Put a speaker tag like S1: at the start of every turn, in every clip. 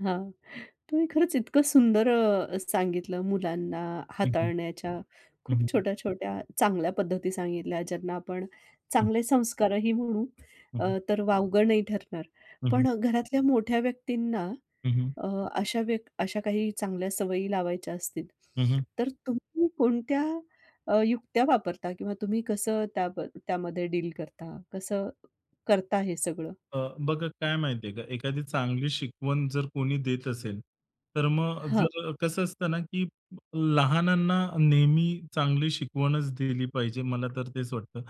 S1: हां, तुम्ही खरंच इतकं सुंदर अ, अ, सांगितलं मुलांना
S2: हं, हं.
S1: हाताळण्याच्या.
S2: हं,
S1: खूप
S2: हं.
S1: छोट्या-छोट्या चांगल्या पद्धती सांगितल्या, ज्यांना आपण
S2: हं.
S1: चांगले संस्कारही म्हणू.
S2: हं,
S1: अ,
S2: हं.
S1: तर वावगं नाही ठरणार.
S2: हं, हं.
S1: पण घरातल्या मोठ्या व्यक्तींना
S2: हं, हं.
S1: अ, अशा व्यक् अशा काही चांगल्या सवयी लावायच्या असतील,
S2: हं, हं.
S1: तर तुम्ही कोणत्या अ, युक्त्या वापरता? किंवा तुम्ही कसं त्याम त्यामध्ये डील करता? कसं करता हे सगळं?
S2: अ, बघा काय माहिती आहे का एखादी चांगली शिकवण जर कोणी देत असेल, तर मग
S1: हं.
S2: जर कसं असतं ना, की ब लहानांना नेहमी चांगली शिकवणच दिली पाहिजे, मला तर तेच वाटतं.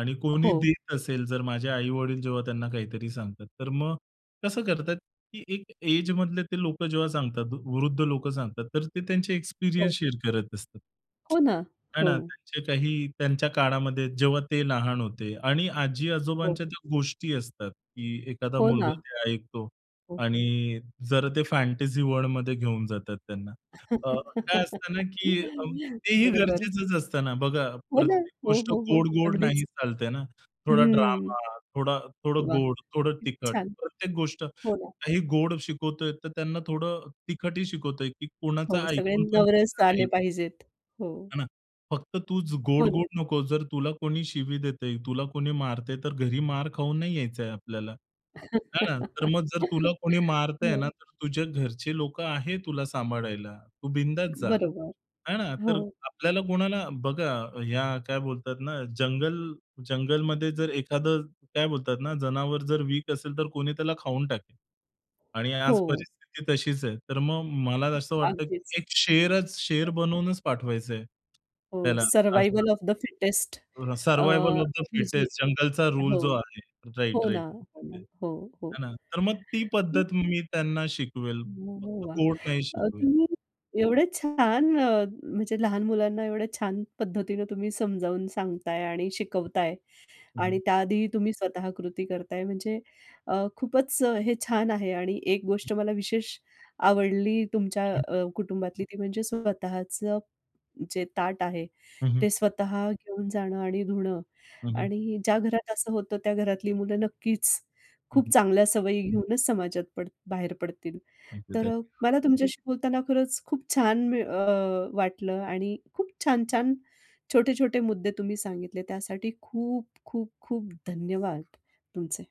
S2: आणि
S1: अ,
S2: कोणी
S1: हो.
S2: देत असेल जर माझे आई-वडील जेव्हा त्यांना काहीतरी सांगतात. तर मग कसं करतात, की एक एजमधले ते लोकं जेव्हा सांगतात, वृद्ध लोकं सांगतात, तर ते त्यांचे एक्सपिरियन्स
S1: हो.
S2: शेअर करत असतात.
S1: हो ना.
S2: आहे ना.
S1: हो.
S2: त्यांचे काही त्यांच्या काळामध्ये, जेव्हा ते लहान होते. आणि
S1: हो.
S2: आजी-आजोबांच्या त्या गोष्टी असतात, की एखादा
S1: हो
S2: मुलगा
S1: ना.
S2: ते ऐकतो.
S1: हो.
S2: आणि जरा ते फॅन्टसी वर्ल्डमध्ये घेऊन जातात त्यांना. अ, काय असतं ना, की अं, तेही
S1: बरोबर.
S2: गरजेचंच असतं ना. बघा
S1: हो ना.
S2: प्रत्येक
S1: हो,
S2: गोष्ट
S1: हो, हो.
S2: गोड-गोड
S1: अगदीच.
S2: नाही चालते ना. थोडा
S1: हम्म.
S2: ड्रामा, थोडा थोडं
S1: वाह!
S2: गोड, थोडं
S1: खूप
S2: तिखट.
S1: छान.
S2: प्रत्येक गोष्ट
S1: हो ना.
S2: काही गोड शिकवतोय, तर त्यांना थोडं तिखट ही शिकवतोय, की कोणाचा
S1: हो, सगळे
S2: ऐकून पण
S1: नवरस
S2: घ्यायचं
S1: आले
S2: नाही.
S1: पाहिजेत. हो.
S2: हे ना? फक्त तूच
S1: हो ना.
S2: गोड-गोड नकोस. जर तुला कोणी शिवी देतं आहे, तुला कोणी मारतं आहे, तर घरी मार खाऊन नाही यायचं आहे आपल्याला, आहे ना. तर मग जर तुला कोणी मारतं आहे ना,
S1: हं.
S2: तर तुझ्या घरचे लोकं आहे तुला सांभाळायला. तू बिंदास जा,
S1: बरोबर.
S2: आहे ना. तर
S1: हो.
S2: आपल्याला कोणाला बघा ह्या काय बोलतात ना, जंगल जंगलमध्ये जर एखादं काय बोलतात ना, जनावर जर वीक असेल, तर कोणी त्याला खाऊन टाकेल. आणि आज
S1: हो.
S2: परिस्थिती तशीच आहे. तर मग मला असं वाटतं,
S1: अगदीच.
S2: की एक शेरच,
S1: हं.
S2: शेर बनवूनच पाठवायचं आहे
S1: हो,
S2: त्याला
S1: सर्व्हायव्हल
S2: असं.
S1: ऑफ द फिटेस्ट
S2: तो रा
S1: अ,
S2: "सर्व्हायव्हल ऑफ द
S1: ही जी
S2: फिटेस्ट" जंगलचा रूल
S1: हो,
S2: जो आहे.
S1: हो ना.
S2: राइट-राइट.
S1: अ,
S2: हं.
S1: हो, हो.
S2: हे ना? तर मग ती
S1: हं.
S2: पद्धत मी त्यांना शिकवेल.
S1: अरे
S2: फक्त
S1: वाह!
S2: गोड नाही
S1: अ,
S2: शिकवेल.
S1: तुम्ही एवढे छान अ, म्हणजे लहान मुलांना एवढ्या छान पद्धतीने तुम्ही समजावून सांगताय आणि शिकवताय.
S2: हं,
S1: आणि
S2: हं.
S1: त्या आधीही तुम्ही स्वतः कृती करताय, म्हणजे अ, खूपच हे छान आहे. आणि एक
S2: हं.
S1: गोष्ट मला विशेष आवडली तुमच्या
S2: हं, हं.
S1: अ, कुटुंबातली. ती म्हणजे स्वतःचं जे ताट आहे,
S2: हं, हं.
S1: ते स्वतः घेऊन जाणं आणि धुणं
S2: हं, हं.
S1: आणि ज्या घरात असं होतं, त्या घरातली मुलं नक्कीच
S2: हं,
S1: खूप
S2: हं.
S1: चांगल्या सवयी घेऊनच समाजात पड बाहेर पडतील.
S2: थँक
S1: तर
S2: यू-थँक
S1: अ,
S2: यू.
S1: मला तुमच्याशी बोलताना खरंच खूप छान मिळ अ, वाटलं आणि खूप छान-छान, छोटे-छोटे मुद्दे तुम्ही सांगितले, त्यासाठी खूप खूप खूप धन्यवाद तुमचे.